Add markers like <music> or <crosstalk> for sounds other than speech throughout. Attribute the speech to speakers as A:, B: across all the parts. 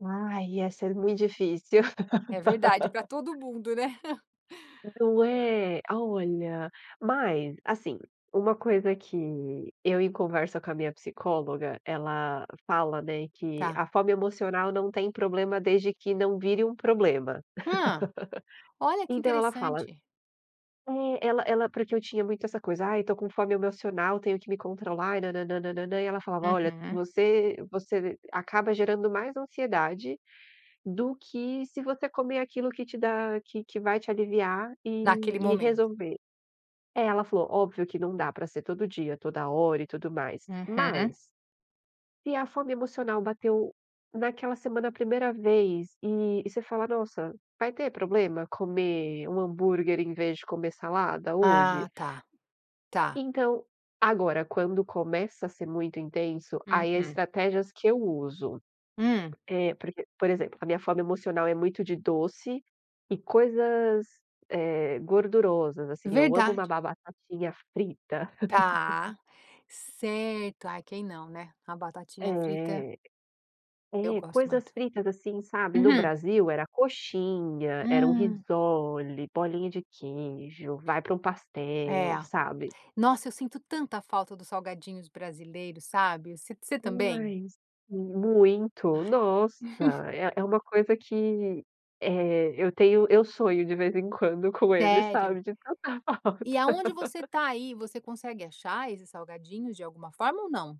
A: Ai, ia ser muito difícil.
B: É verdade. Pra todo
A: <laughs>
B: mundo, né. <chuckles>
A: Não
B: Aham.
A: é? A olha. Mas, assim, uma coisa que eu em conversa com a minha psicóloga, ela fala, né, que
B: Tá.
A: a fome emocional não tem problema desde que não vire um problema.
B: Hã.
A: <laughs>
B: Olha, que
A: Então ela fala
B: interessante.
A: é, ela ela porque eu tinha muito essa coisa: "Ai, eu tô com fome emocional, tenho que me controlar e nanananananã", e ela falava: "Olha,
B: Uhum.
A: você você acaba gerando mais ansiedade, do que se você comer aquilo que te dá que que vai te aliviar e
B: Naquele
A: e
B: momento.
A: resolver". É, ela falou: "óbvio que não dá pra ser todo dia, toda hora e tudo mais".
B: Uhum.
A: Mas se a fome emocional bateu naquela semana a 1º vez, e e você fala: "Nossa, vai ter problema comer 1 hambúrguer em vez de comer salada hoje?"
B: Ah tá. Tá.
A: Então agora, quando começa a ser muito intenso, aí, as
B: Uhum.
A: estratégias que eu uso.
B: Hum.
A: É porque por exemplo. A minha fome emocional é muito de doce, e coisas, eh, gordurosas, assim. Eu amo uma
B: Verdade.
A: ba batatinha frita.
B: Tá,
A: <laughs>
B: certo. Ai, quem não, né. A batatinha frita
A: É.
B: eu
A: É,
B: gosto
A: coisas
B: muito.
A: fritas, assim, sabe. No
B: Uhum.
A: Brasil, era coxinha, era um
B: Hum.
A: risole, bolinha de queijo, vai pra um
B: É.
A: pastel, sabe.
B: Nossa, eu sinto tanta falta dos salgadinhos brasileiros, sabe. Você você também?
A: Demais. M muito,
B: Ai.
A: nossa! É é
B: <chuckles>
A: uma coisa que, eh, eu tenho eu sonho de vez em quando com eles,
B: Sério?
A: sabe, de tanta
B: E
A: falta.
B: aonde você
A: <laughs>
B: tá, aí, você consegue achar esses salgadinhos, de alguma forma ou não?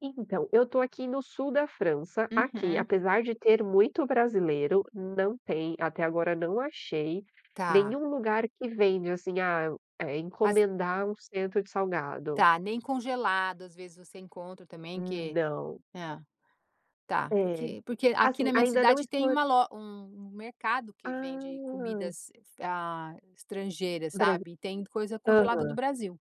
A: E então, eu tô aqui no sul da França. Aqui,
B: Uhum.
A: apesar de ter muito brasileiro, não tem até agora não achei,
B: Tá.
A: nenhum lugar que vende, assim, ah eh,
B: As
A: encomendar um cento de salgado.
B: Tá, nem congelado, às vezes, você encontra também
A: Hum,
B: que
A: não.
B: é. Tá,
A: É.
B: porque porque aqui
A: Assim,
B: na minha
A: ainda não
B: cidade
A: explo
B: tem uma lo um um mercado que vende
A: Ah!
B: comidas, ah, estrangeiras,
A: Brasi
B: sabe. E tem coisa congelada do
A: aham.
B: Brasil.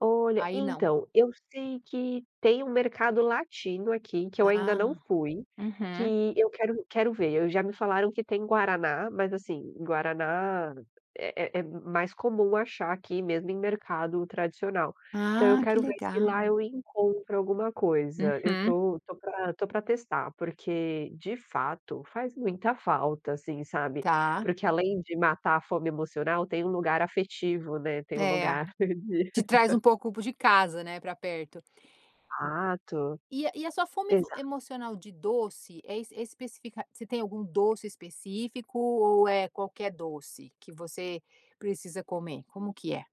A: Olha,
B: Aí não.
A: então, eu sei que tem um mercado latino aqui, que eu ainda não
B: Ah.
A: fui,
B: Uhum.
A: que eu quero quero ver. Eu já me falaram que tem guaraná, mas, assim, guaraná é é é m mais comum achar aqui, mesmo em mercado tradicional. Então, eu
B: Ah, que
A: quero ver se lá
B: legal.
A: eu encontro alguma coisa. Eu
B: Uhum.
A: tô tô pra tô pra testar, porque, de fato, faz muita falta, assim, sabe.
B: Tá.
A: Porque além de matar a fome emocional, tem um lugar afetivo, né, tem um
B: É.
A: lugar de
B: Te traz um
A: <laughs>
B: pouco pro de casa, né, pra perto.
A: Exato.
B: E a e a sua fome ev
A: Exato.
B: emocional de doce é é especifica você tem algum doce específico ou é qualquer doce que você precisa comer? Como que é?